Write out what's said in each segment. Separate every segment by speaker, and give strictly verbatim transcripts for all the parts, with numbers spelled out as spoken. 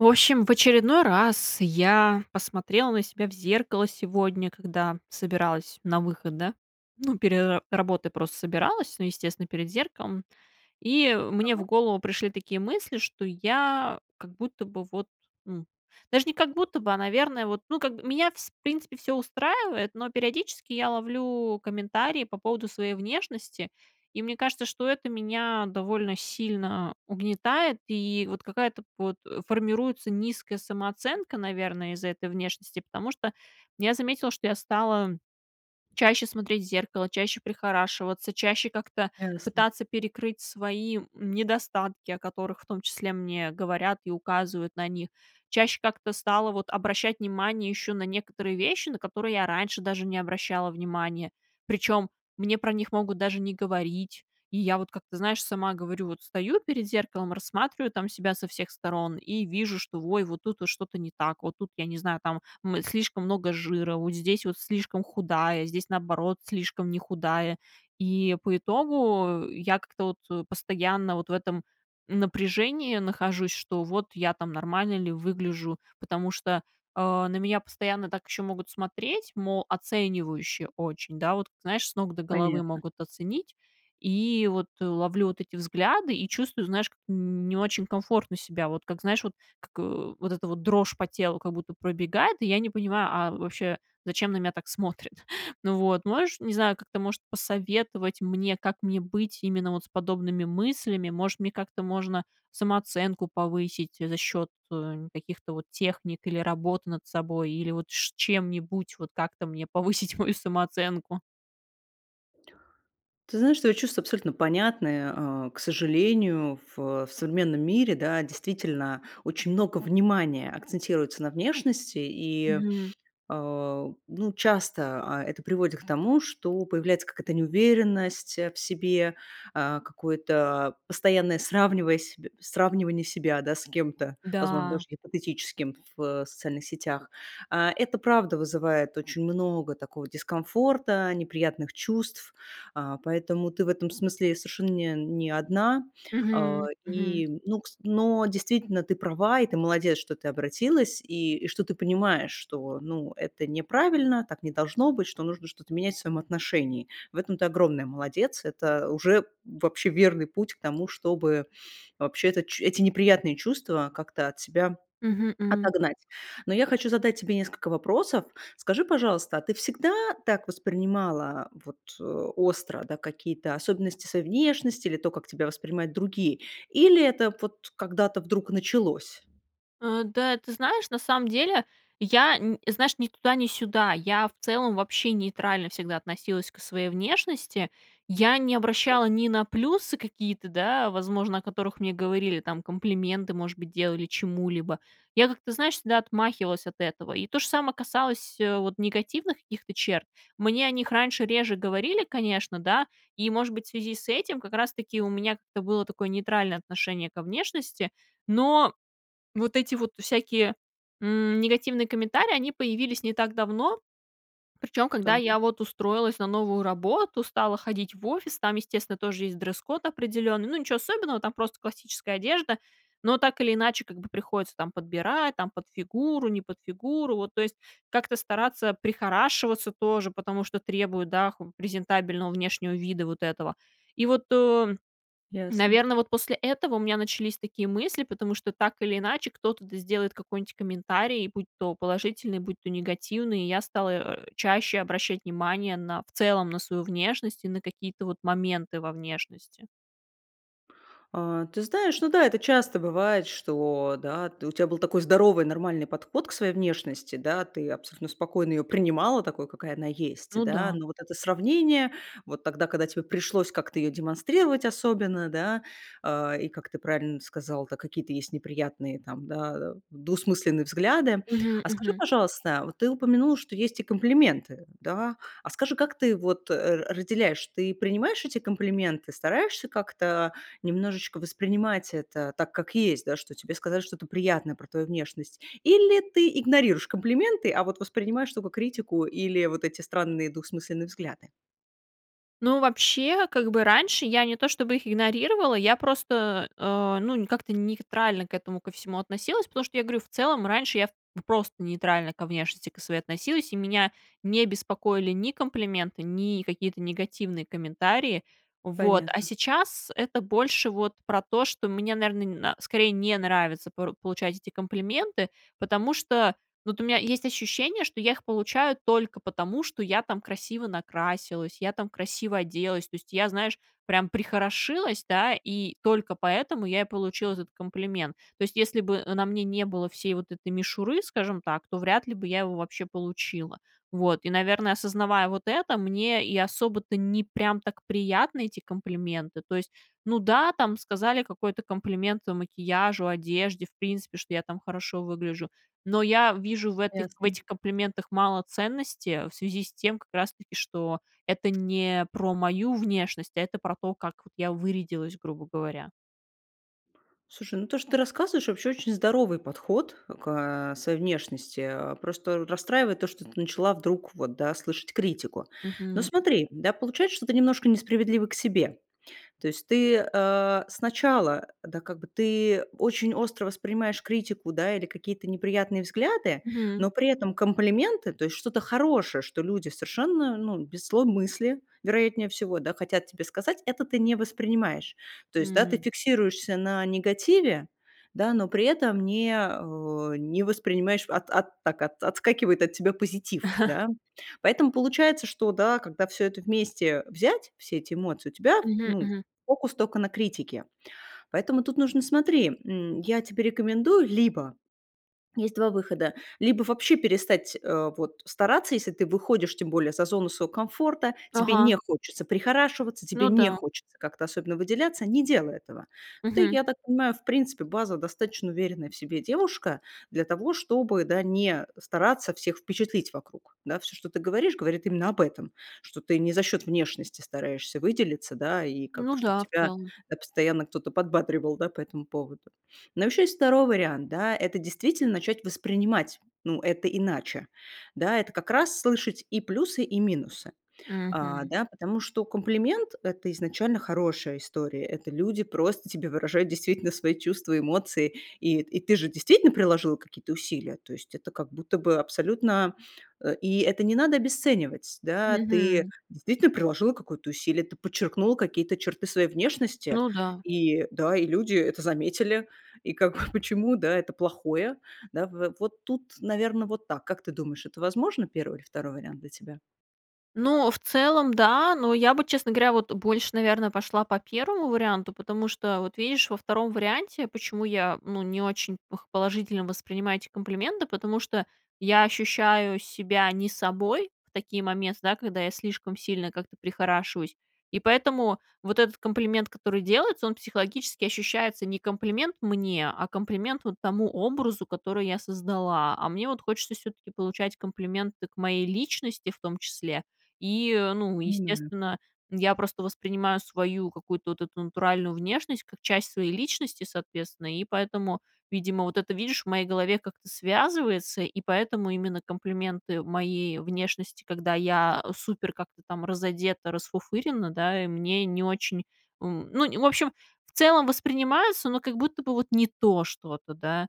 Speaker 1: В общем, в очередной раз я посмотрела на себя в зеркало сегодня, когда собиралась на выход, да. Ну, пере работой просто собиралась. Ну, естественно, перед зеркалом. И мне
Speaker 2: Мгм.
Speaker 1: в голову пришли такие мысли, что я как будто бы вот, м, даже не как будто бы, а, наверное, вот, ну как, меня вс в принципе, всё устраивает, но периодически я ловлю комментарии по поводу своей внешности. И мне кажется, что это меня довольно сильно угнетает, и вот какая-то под формируется низкая самооценка, наверно, из-за этой внешности. Потому что я заметила, что я стала чаще смотреть в зеркало, чаще прихорашиваться, чаще как-то
Speaker 2: Ясно.
Speaker 1: пытаться перекрыть свои, м, недостатки, о которых, в том числе, мне говорят и указывают на них. Чаще как-то стала вот обращать внимание еще на некоторые вещи, на которые я раньше даже не обращала внимание. Причем мне про них могут даже не говорить. И я вот, как ты знаешь, сама говорю: вот стою перед зеркалом, рассматриваю там себя со всех сторон и вижу, что, ой, вот тут что-то не так, вот тут, я не знаю, там, м, слишком много жира, вот здесь вот слишком худая, здесь, наоборот, слишком не худая. И, по итогу, я как-то вот постоянно вот в этом напряжении нахожусь, что вот я там нормально ли выгляжу. Потому что, а, на меня постоянно так еще могут смотреть, мол, оценивающе очень, да, вот, знаешь, с ног до головы
Speaker 2: Понятно.
Speaker 1: могут оценить. И вот ловлю вот эти взгляды, и чувствую, знаешь, м, н не очень комфортно себя. Вот как, знаешь, вот, как вот эта дрожь по телу как будто пробегает, и я не понимаю, а вообще, зачем на меня так смотрят? Ну вот, можешь, не знаю, как-то, может, посоветовать мне, как мне быть именно вот с подобными мыслями. Может, мне как-то можно самооценку повысить за счет, э, каких-то вот техник, или работы над собой, или вот ш чем-нибудь, вот как-то мне повысить мою самооценку?
Speaker 2: Ты знаешь, твои чувства абсолютно понятны, а. К сожалению, ф в современном мире, да, действительно, очень много внимания акцентируется на внешности. И,
Speaker 1: Мгм.
Speaker 2: э, ну, часто, а, это приводит к тому, что появляется какая-то неуверенность в себе, а, какое-то постоянное сравниваясь сравнивание себя, да, с кем-то, возможно,
Speaker 1: Да.
Speaker 2: даже гипотетическим в социальных сетях. А, это правда вызывает очень много такого дискомфорта, неприятных чувств, а, поэтому ты в этом смысле совершенно нь не одна. Э,
Speaker 1: Мгм, мгм.
Speaker 2: и, ну, кс но действительно, ты права, и ты молодец, что ты обратилась, и и что ты понимаешь, что, ну, это неправильно, так не должно быть, что нужно что-то менять в своем отношении. В этом ты огромная молодец, это уже вообще верный путь к тому, чтобы, вообще-то, ч эти неприятные чувства как-то от себя
Speaker 1: Мгм, м.
Speaker 2: отогнать. Но я хочу задать тебе несколько вопросов. Скажи, пожалуйста, а ты всегда так воспринимала вот остро, да, какие-то особенности своей внешности или то, как тебя воспринимают другие? Или это вот когда-то вдруг началось?
Speaker 1: Э, да, ты знаешь, на самом деле, я, н знаешь, ни туда, ни сюда. Я, в целом, вообще нейтрально всегда относилась к своей внешности. Я не
Speaker 2: Вот
Speaker 1: обращала
Speaker 2: как.
Speaker 1: ни на плюсы какие-то, да, возможно, о которых мне говорили там, комплименты, может быть, делали, чему-либо. Я как-то, знаешь, всегда отмахивалась от этого, и то же само касалось, э, вот негативных каких-то черт. Мне о них раньше реже говорили, конечно, да, и, может быть, в связи с этим как раз таки у меня как-то было такое нейтральное отношение ко внешности. Но вот эти вот всякие, м, негативные комментарии, они появились не так давно. Причем когда
Speaker 2: Так.
Speaker 1: я вот устроилась на новую работу, стала ходить в офис, там, естественно, тоже есть дресс-код определенный. Ну, ниче особенного, там просто классическая одежда, но так или иначе, как бы приходится там подбирать, там, под фигуру, не под фигуру, вот то есть как-то стараться прихорашиваться тоже, потому что требуют, да, х презентабельного внешнего вида вот этого. И вот, э,
Speaker 2: Ясно.
Speaker 1: наверно, вот после этого у меня начались такие мысли, потому что так или иначе кто-то, да, сделает какой-нить комментарий, будь то положительный, будь то негативный. И я стала, э, чаще обращать внимание на, в целом, на свою внешность и на какие-то вот моменты во внешности.
Speaker 2: А, ты знаешь, ну да, это часто бывает, что, да, у тя был такой здоровый, нормальный подход к своей внешности, да, ты абсолютно спокойно её принимала такой, какая она есть,
Speaker 1: Ну
Speaker 2: да.
Speaker 1: да.
Speaker 2: Но вот это сравнение, вот тогда, когда тебе пришлось как-то её демонстрировать особенно, да, э. И как ты правильно сказала, да, какие-то есть неприятные, там, да, двусмысленные взгляды.
Speaker 1: Мгм,
Speaker 2: А скажи,
Speaker 1: мгм.
Speaker 2: пожалуйста, вот ты упомянула, что есть и комплименты, да. А скажи, как ты вот, э, разделяешь? Ты принимаешь эти комплименты, стараешься как-то немножечко воспринимать это так, как есть, да, что тебе сказали что-то приятное про твою внешность или ты игнорируешь комплименты, а вот воспринимаешь только критику или вот эти странные, двухсмысленные взгляды?
Speaker 1: Ну, вообще, как бы раньше я не то чтобы их игнорировала, я просто, э, ну, не как-то нейтрально к этому ко всему относилась, потому что я говорю, в целом, раньше я п просто нейтрально ко внешности ко своей относилась, и меня не беспокоили ни комплименты, ни какие-то негативные комментарии. Вот, а
Speaker 2: Понятно.
Speaker 1: сейчас это больше вот про то, что мне, наверно, н скорее не нравится пору получать эти комплименты, потому что вот у меня есть ощущение, что я их получаю только потому, что я там красиво накрасилась, я там красиво оделась, то есть я, знаешь, прям прихорошилась, да, и только поэтому я и получила этот комплимент. То есть если бы, э, на мне не было всей вот этой мишуры, скажем так, то вряд ли бы я его вообще получила. Вот. И, наверно, осознавая вот это, мне и особо-то не прям так приятны эти комплименты, то есть. Ну да, там сказали какой-то комплимент макияжу, одежде, в принципе, что я там хорошо выгляжу. Но я вижу в этох
Speaker 2: Ясно.
Speaker 1: этих комплиментах мало ценности в связи с тем как раз таки что это не про мою внешность, а это про то, как от я вырядилась, грубо говоря.
Speaker 2: Слушай, ну то, что ты рассказываешь, вообще очень здоровый подход к, э, своей внешности, э. Просто расстраивает то, что ты начала вдруг, вот, да, слышать критику. Но
Speaker 1: Мгм.
Speaker 2: смотри, да, получается, что ты немножко несправедлива к себе. То есть ты, э, сначала, да, как бы ты очень остро воспринимаешь критику, да, или какие-то неприятные взгляды,
Speaker 1: Мгм.
Speaker 2: но при этом комплименты, то есть что-то хорошее, что люди совершенно, ну, без злой мысли, вероятнее всего, да, хотят тебе сказать, это ты не воспринимаешь. То есть, да, ты
Speaker 1: М.
Speaker 2: фиксируешься на негативе, да, но при этом не, э, не воспринимаешь, от от так, отскакивает от тебя позитив, да. Поэтому получается, что, да, когда всё это вместе взять, все эти эмоции, у тебя,
Speaker 1: Мгм,
Speaker 2: ну,
Speaker 1: мгм.
Speaker 2: фокус только на критике. Поэтому тут нужно, смотри, м, я тебе рекомендую либо есть два выхода: либо вообще перестать, э, вот стараться, если ты выходишь, тем более, за зону своего комфорта, тебе
Speaker 1: Ага.
Speaker 2: не хочется прихорашиваться, тебе
Speaker 1: Ну
Speaker 2: не
Speaker 1: да.
Speaker 2: хочется как-то особенно выделяться- не делай этого. Ты,
Speaker 1: Мгм.
Speaker 2: я так понимаю, в принципе, базва достаточно уверенная в себе девушка для того, чтобы, да, не стараться всех впечатлить вокруг. Да. Всё, ты говоришь, говорит именно об этом, что ты не за счёт внешности стараешься выделиться, да, и как
Speaker 1: Ну
Speaker 2: чтоб
Speaker 1: да, в
Speaker 2: тебя
Speaker 1: целом.
Speaker 2: тебя постоянно кто-то подбадривал, да, по этому поводу. Но ещё есть второй вариант, да, это действительно начать воспринимать, ну, это иначе, да. Это как раз- слышать и плюсы, и минусы, а,
Speaker 1: Мгм.
Speaker 2: да, потому что комплимент- это изначально хорошая история. Это люди просто тебе выражают действительно свои чувства, эмоции, и и ты же действительно приложила какие-то усилия. То есть это как будто бы абсолютно, э, и это не надо обесценивать, да, ты
Speaker 1: Мгм.
Speaker 2: действительно приложила какое-то усилие, ты подчеркнула какие-то черты своей внешности
Speaker 1: Ну да.
Speaker 2: и, да, и люди это заметили. И как, почему, да, это плохое, да, в вот тут, наверно, вот так. Как ты думаешь, это возможно- первый или второй вариант для тебя?
Speaker 1: Ну, в целом да, но я бы, честно говоря, вот больше, наверное, пошла по первому варианту. Потому что вот, видишь, во втором варианте, почему я, ну, не очень п положительно воспринимаю эти комплименты, потому что я ощущаю себя не собой в такие момен да, когда я слишком сильно как-то прихорашиваюсь, и поэтому вот этот комплимент, который делается, он психологически ощущается не комплимент мне, а комплимент вот тому образу, который я создала. А мне вот хочется всё-таки получать комплименты к моей личности, в том числе, и, ну,
Speaker 2: М.
Speaker 1: естественно, я просто воспринимаю свою какую-то вот эту натуральную внешность как часть своей личности, соответственно. И поэтому, видимо, вот это, видишь, в моей голове как-то связывается, и поэтому именно комплименты моей внешности, когда я супер как-то там разодета, расфуфырена, да, мне не очень, м. Ну, в общем, в целом, воспринимается, но как будто бы вот не то что-то, да,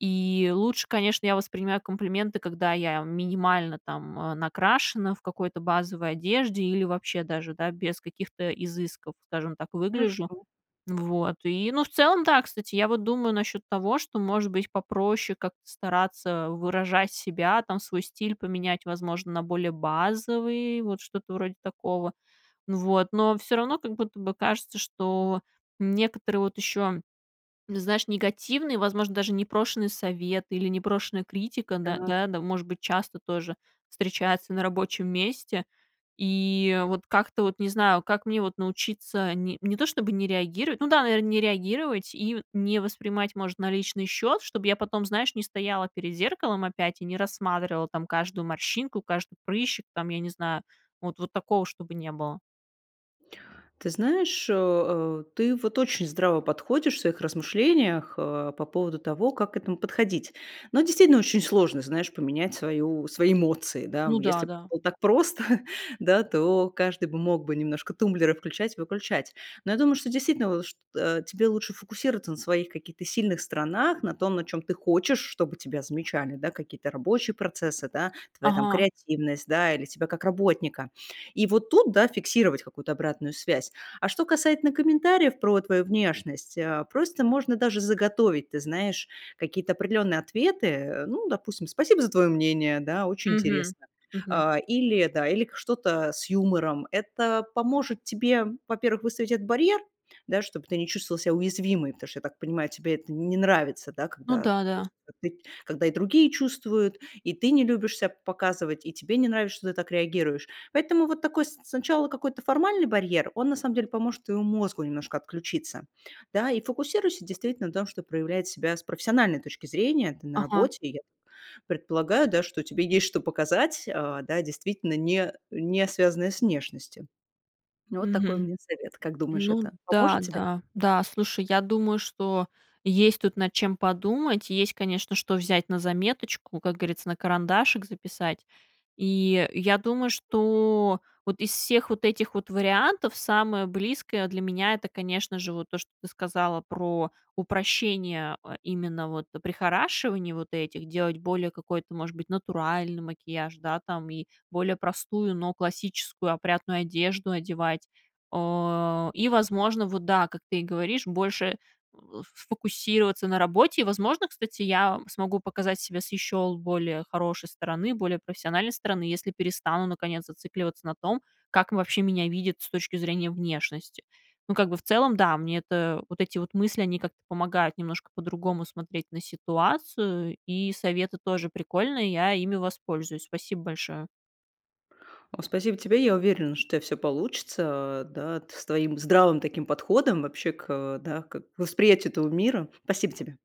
Speaker 1: и лучше, конечно, я воспринимаю комплименты, когда я минимально там, м, накрашена, в какой-то базовой одежде или вообще даже, да, без каких-то изысков, скажем так, выгляжу.
Speaker 2: Хорошо.
Speaker 1: Вот. И, ну, в целом, да, кстати, я вот думаю насчет того, что, может быть, попроще как-то стараться выражать себя, там, свой стиль поменять, возможно, на более базовый, вот что-то вроде такого. Вот. Но всё равно, как будто бы, кажется, что некоторые вот еще, знаешь, негативные, возможно, даже непрошенные советы или непрошенная критика, да
Speaker 2: Так.
Speaker 1: да, может быть, часто тоже встречается на рабочем месте, и вот как-то вот не знаю. Как мне вот научиться не не то чтобы не реагировать ну да, наверно, не реагировать и не воспринимать, может, на личный счет? Чтобы я потом, знаешь, не стояла перед зеркалом опять и не рассматривала там каждую морщинку, каждый прыщик, там, я не знаю, вот вот такого, чтобы не было.
Speaker 2: Ты знаешь, э, ты вот очень здраво подходишь в своих размышлениях, э, по поводу того, как к этому подходить. Но, действительно, очень сложно, знаешь, поменять свою свои эмоции, да.
Speaker 1: Ну да,
Speaker 2: Если б это
Speaker 1: да.
Speaker 2: было так просто, да, то каждый бы мог бы немножко тумблеры включать и выключать. Но я думаю, что действительно лу шт э, тебе лучше фокусироваться на своих каких-то сильных сторонах, на том, на чём ты хочешь, чтобы тебя замечали, да, какие-то рабочие процессы, да, твоя там
Speaker 1: Ага.
Speaker 2: креативность, да, или тебя как работника. И вот тут, да, фиксировать какую-то обратную связь. А что касательно комментариев про твою внешность, э, просто можно даже заготовить, ты знаешь, какие-то определенные ответы, э. Ну, допустим: "Спасибо за твое мнение",- да,- "Очень
Speaker 1: Мгм,
Speaker 2: интересно",-
Speaker 1: мгм.
Speaker 2: а, или, да, или что-то с юмором. Это поможет тебе, во-первых, выставить этот барьер, да, чтоб ты не чувствовала себя уязвимой, потому что, я так понимаю, тебе это не нравится, да,
Speaker 1: Ну
Speaker 2: когда,
Speaker 1: да,
Speaker 2: то есть,
Speaker 1: да.
Speaker 2: ты когда и другие чувствуют, и ты не любишь ся показывать, и тебе не нравишься, что ты так реагируешь. Поэтому вот такой с сначала какой-то формальный барьер, он, на самом деле, поможет твоему мозгу немножко отключиться, да. И фокусируйся, действительно, на том, чтоб проявлять себя с профессиональной точки зрения, ты на
Speaker 1: Ага.
Speaker 2: работе. И я предполагаю, да, что тебе есть, что показать, а, да действительно, не не связанное с внешностью. Вот такой у
Speaker 1: Мгм.
Speaker 2: меня совет. Как думаешь,
Speaker 1: Ну
Speaker 2: это поможет
Speaker 1: да,
Speaker 2: тебе?
Speaker 1: да. Да, слушай, я думаю, что есть тут над чем подумать, есть, конечно, что взять на заметочку, как грится, на карандашик записать. И я думаю, что вот из всех вот этих вот вариантов самое близкое для меня- это, конечно же, вот то, что ты сказала про упрощение, а, именно вот прихорашиваний вот этих. Делать более какой-то, может быть, натуральный макияж, да, там, и более простую, но классическую, опрятную одежду одевать. О, и, возможно, вот, да, как ты и говоришь, больше в сфокусироваться на работе, и, возможно, кстати, я смогу показать себя с еще более хорошей стороны, более профессиональной стороны, если перестану, наконец, зацикливаться на том, как вообще меня видят с точки зрения внешности. Ну, как бы, в целом, да, мне это, вот эти вот мысли, они как-то помогают немножко по-другому смотреть на ситуацию, и советы тоже прикольные, я ими воспользуюсь. Спасибо большое.
Speaker 2: Ну, спасибо тебе. Я уверена, что у тя всё получится, а, да, т с твоим здравым таким подходом вообще к, э, да, к восприятию этого мира. Спасибо тебе.